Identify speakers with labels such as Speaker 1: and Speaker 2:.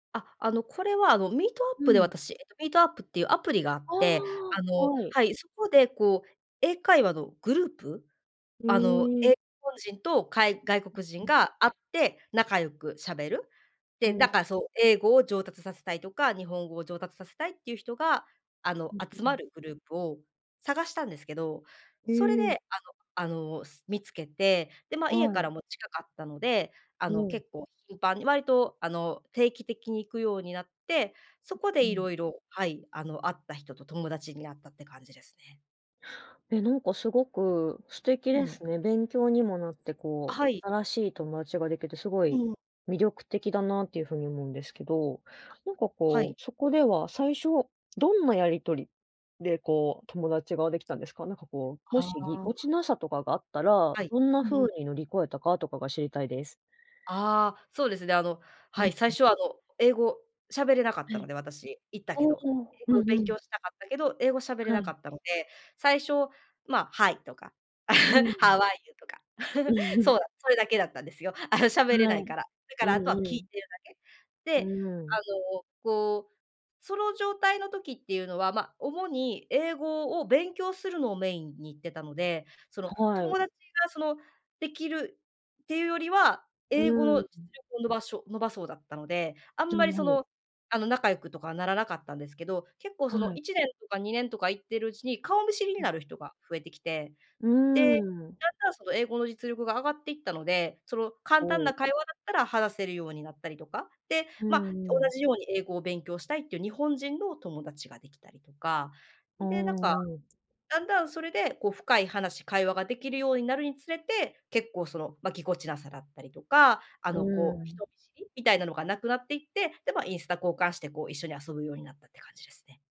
Speaker 1: あ、あの、これは、あの、
Speaker 2: う
Speaker 1: Meetup で
Speaker 2: ん。
Speaker 1: 私、えっと Meetup っていうアプリがあっ
Speaker 2: あ
Speaker 1: て、あ
Speaker 2: あ、
Speaker 1: の
Speaker 2: はい。
Speaker 1: はい、そこで、こう、英会話のグループ、
Speaker 2: へ
Speaker 1: あの、え
Speaker 2: え。
Speaker 1: 日本人とかい外
Speaker 2: う
Speaker 1: 国人
Speaker 2: んうん。
Speaker 1: が会って仲良くしゃべる。
Speaker 2: お
Speaker 1: で、
Speaker 2: お。
Speaker 1: だから、そう、英語を上達させたいとか、日本語を上達させたいっていう人が、あの、
Speaker 2: うん、
Speaker 1: 集
Speaker 2: ふ
Speaker 1: ま
Speaker 2: ん。
Speaker 1: るグループを探したんですけど、
Speaker 2: へ
Speaker 1: それで、
Speaker 2: え。
Speaker 1: あのあの、す見つけて、で、ま、家
Speaker 2: は
Speaker 1: から
Speaker 2: い。
Speaker 1: も近かったので、あ
Speaker 2: お
Speaker 1: の、
Speaker 2: お。
Speaker 1: 結構頻繁に、割と、あの、定期的に行くようになって、そこで
Speaker 2: [unintelligible]
Speaker 1: 色々はい、あの、会った人と友達に会ったって感じですね。
Speaker 2: え、なんか、すごく素敵で
Speaker 1: うん。
Speaker 2: すね。勉強にもなって、
Speaker 1: あ、
Speaker 2: こ
Speaker 1: は
Speaker 2: う、
Speaker 1: い。
Speaker 2: 新しい友達ができて、すご
Speaker 1: う
Speaker 2: い
Speaker 1: ん。
Speaker 2: 魅力的だなっていう風に思うんですけど。
Speaker 1: あ、
Speaker 2: なんか、
Speaker 1: は
Speaker 2: こ
Speaker 1: い。
Speaker 2: う、そこでは最初どんなやり取りで、こう、友達ができたんですか？なんか、こう、も
Speaker 1: あ
Speaker 2: しぎこ
Speaker 1: あ。
Speaker 2: ちなさとかがあったら、
Speaker 1: はい、
Speaker 2: どんな
Speaker 1: う
Speaker 2: 風
Speaker 1: ん。
Speaker 2: に乗り越えたかとかが知りたいです。
Speaker 1: ああ、そうですね、あの、
Speaker 2: うん
Speaker 1: はい、
Speaker 2: う
Speaker 1: 最
Speaker 2: ん。
Speaker 1: 初は、あの、英語しゃべれなかっ
Speaker 2: は
Speaker 1: たの
Speaker 2: い。
Speaker 1: で私、行ったけ
Speaker 2: お
Speaker 1: ど。
Speaker 2: お。
Speaker 1: 英
Speaker 2: う
Speaker 1: 語を
Speaker 2: んう
Speaker 1: 勉
Speaker 2: ん。
Speaker 1: 強したかったけど、英語しゃべれ
Speaker 2: は
Speaker 1: な
Speaker 2: い。
Speaker 1: かったので、最初、ま、Hi とか、
Speaker 2: うー ん。
Speaker 1: How are you? とか。
Speaker 2: う ん。
Speaker 1: そう、それだけだったんですよ。あの、しゃべれな
Speaker 2: は
Speaker 1: い
Speaker 2: い、
Speaker 1: から。だから
Speaker 2: うん
Speaker 1: あとは聞
Speaker 2: う
Speaker 1: い
Speaker 2: ん。
Speaker 1: てるだけ。
Speaker 2: う
Speaker 1: で、
Speaker 2: ー
Speaker 1: あ
Speaker 2: ん。
Speaker 1: の、こう、その状態の時っていうのは、ま、主に英語を勉強するのをメインに行ってたので、その、
Speaker 2: はい。
Speaker 1: 友達が、その、できるっていうよりは、
Speaker 2: う
Speaker 1: 英語
Speaker 2: ー
Speaker 1: の実
Speaker 2: ん。
Speaker 1: 力を伸ばしょ伸ばそうだったので、あん
Speaker 2: な
Speaker 1: ま
Speaker 2: る
Speaker 1: り、
Speaker 2: ほ
Speaker 1: そ
Speaker 2: ど。
Speaker 1: の、あの、仲良くとかはならなかったんですけど、結構
Speaker 2: は
Speaker 1: その
Speaker 2: い。
Speaker 1: 1年とか2年とか行ってるうちに、顔見知りに
Speaker 2: うん。
Speaker 1: なる人が増えてきて。
Speaker 2: うー
Speaker 1: で、
Speaker 2: ん。
Speaker 1: だんだんその英語の実力が上がっていったので、その、簡
Speaker 2: お
Speaker 1: 単な
Speaker 2: お。
Speaker 1: 会話だったら話せるようになったりとか。で、
Speaker 2: う
Speaker 1: ま、同
Speaker 2: んうん。
Speaker 1: じように英語を勉強したいっていう日本人の友達ができたりとか。
Speaker 2: お
Speaker 1: で、なんか、
Speaker 2: お。
Speaker 1: だんだんそれで、こう深い話、会話ができるようになるにつれて、結構、その、ま、ぎこちなさだったりとか、あ
Speaker 2: う
Speaker 1: の、
Speaker 2: ー
Speaker 1: こう、
Speaker 2: ん。
Speaker 1: 人見知り？みたいなのがなくなっていって、で、ま、インスタ交換して、こう、一緒に遊ぶようになったって感じですね。